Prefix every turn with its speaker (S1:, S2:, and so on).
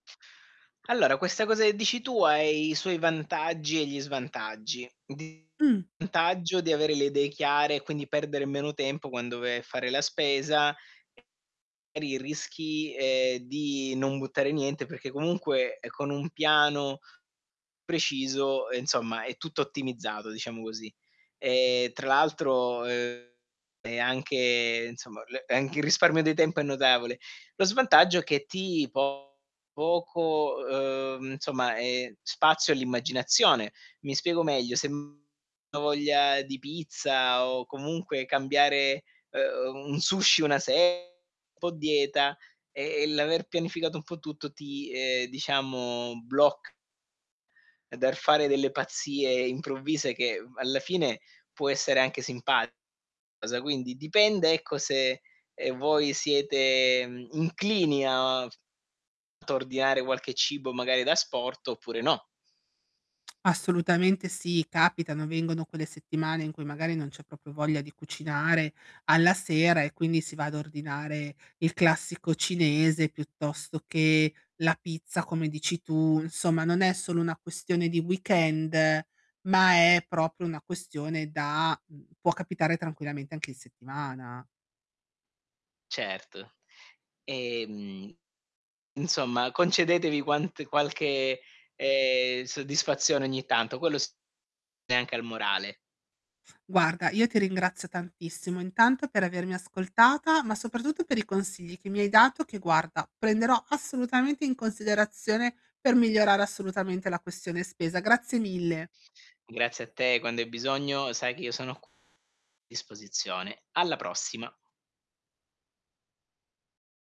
S1: Allora, questa cosa che dici tu ha i suoi vantaggi e gli svantaggi. D
S2: Mh.
S1: vantaggio di avere le idee chiare e quindi perdere meno tempo quando vai a fare la spesa. [unintelligible] magari rischi, ehm, di non buttare niente perché comunque, ehm, con un piano preciso, ehm, insomma è tutto ottimizzato, diciamo così. E tra l'altro, ehm, è anche, insomma, l e anche il risparmio di tempo è notevole. Lo svantaggio è che ti po poco, ehm, insomma, ehm, spazio all'immaginazione. Mi spiego meglio: se m ho voglia di pizza o comunque cambiare, ehm, un sushi una se po' dieta, e e l'aver pianificato un po' tutto ti, ehm, diciamo bloc dal fare delle pazzie improvvise che, uhm, alla fine può essere anche simpa cosa. Quindi dipende, ecco, se, ehm, voi siete, mhmm, inclini a ordinare qualche cibo, magari d'asporto, oppure no.
S2: Assolutamente sì, capitano. Vengono quelle settimane, in cui magari non c'è proprio voglia di cucinare alla sera e quindi si va ad ordinare il classico cinese, piuttosto che la pizza, come dici tu. Insomma, non è solo una questione di weekend, ma è proprio una questione da mhmm, può capitare tranquillamente anche in settimana.
S1: Certo. Ehm, insomma, concedetevi quant qualche, ehm, soddisfazione ogni tanto, quello s e anche al morale.
S2: Guarda, io ti ringrazio tantissimo, intanto per avermi ascoltata, ma soprattutto per i consigli che mi hai dato, che guarda, prenderò assolutamente in considerazione per migliorare assolutamente la questione spesa. Grazie mille.
S1: Grazie a te, quando hai bisogno sai che io sono q disposizione. Alla prossima.